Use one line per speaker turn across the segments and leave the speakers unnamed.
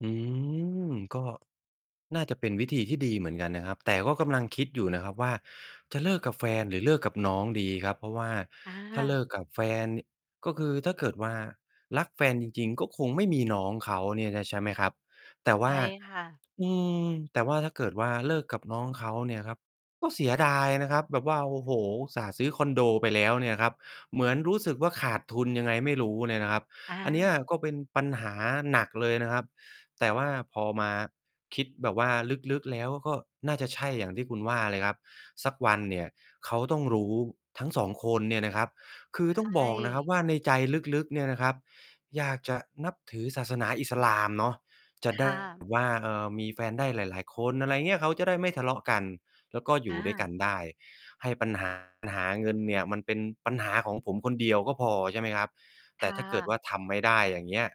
อืม ก็ น่าจะเป็นวิธีที่ดีเหมือนกันนะครับ แต่ก็กำลังคิดอยู่นะครับว่า จะเลิกกับแฟนหรือเลิกกับน้องดีครับ เพราะว่า
อ
ถ้าเ
า
ลิกกับแฟน ก็คือถ้าเกิดว่ารักแฟนจริง ๆ ก็คงไม่มีน้องเขาเนี่ยนะ ใช่ไหมครับ แต่ว
ใช
่า
่ค่ะ
อืม แต่ว่า ถ้าเกิดว่าเลิกกับน้องเขาเนี่ยครับ ก็เสียดายนะครับ แบบว่า โอ้โฮ อุตส่าห์ซื้อคอนโดไปแล้วเนี่ยครับ เหมือนรู้สึกว่าขาดทุนยังไงไม่รู้เนี่ยนะครับ
อ
อันเนี้ย
า
ก็เป็นปัญหาหนักเลยนะครับ แต่ว่าพอมาคิดแบบว่าลึก ๆ แล้ว ก็น่าจะใช่อย่างที่คุณว่าเลยครับ สักวันเนี่ย เขาต้องรู้ทั้ง 2 คนเนี่ยนะครับ คือ
ใ
ต้
ช
องบอกนะครับ
่
ว่าในใจลึก ๆ เนี่ยนะครับ อยากจะนับถือศาสนาอิสลามเนาะ จะ
ค
ได้
่
แบ
ะ
บ ว่า เอ่อ มีแฟนได้หลาย ๆ คน อะไรเงี้ย เขาจะได้ไม่ทะเลาะกัน แล้วก็อย
อ
ู่ด้วยกั
า
นได้ ให้ ปัญหาหา เงินเนี่ย มันเป็นปัญหาของผม คนเดียวก็พอ ใช่ไหมครับ
ค
แต่
่
ถ้าเกิดว
ะ
่าทำไม่ได้ อย่างเงี้ย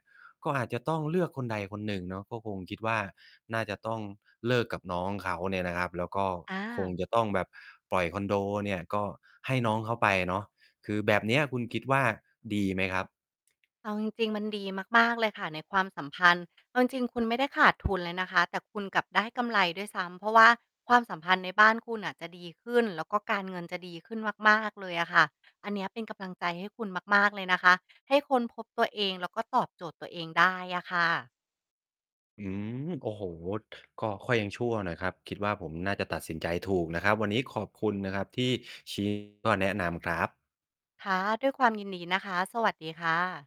ก็อาจจะต้องเลือกคนใดคนหนึ่งเนาะ ก็คงคิดว่าน่าจะต้องเลิกกับน้องเขาเนี่ยนะครับ แล้วก็
อ
คง
า
จะต้องแบบปล่อยคอนโดเนี่ย ก็ให้น้องเขาไปเนาะ คือแบบเนี้ย คุณคิดว่าดีไหมครับ?
เอาจริง ๆ มันดีมาก ๆ เลยค่ะ ในความสัมพันธ์ เอาจริง ๆ คุณไม่ได้ ขาดทุนเลยนะคะ แต่คุณกลับได้กำไรด้วยซ้ำ เพราะว่าความสัมพันธ์ในบ้านคุณน่ะจะดีขึ้น แล้วก็การเงินจะดีขึ้นมาก ๆ เลยอะค่ะ อันเนี้ยเป็นกำลังใจให้คุณมาก ๆ เลยนะคะ ให้ค้นพบตัวเอง แล้วก็ตอบโจทย์ตัวเองได้อะค่ะ
อืม โอ้โฮ ก็ค่อยยังชั่วหน่อยครับ คิดว่าผมน่าจะตัดสินใจถูกนะครับ วันนี้ขอบคุณนะครับที่ ชี้ แลัวก็แนะนำครับ
ค่ะ ด้วยความยินดีนะคะ สวัสดีค่ะ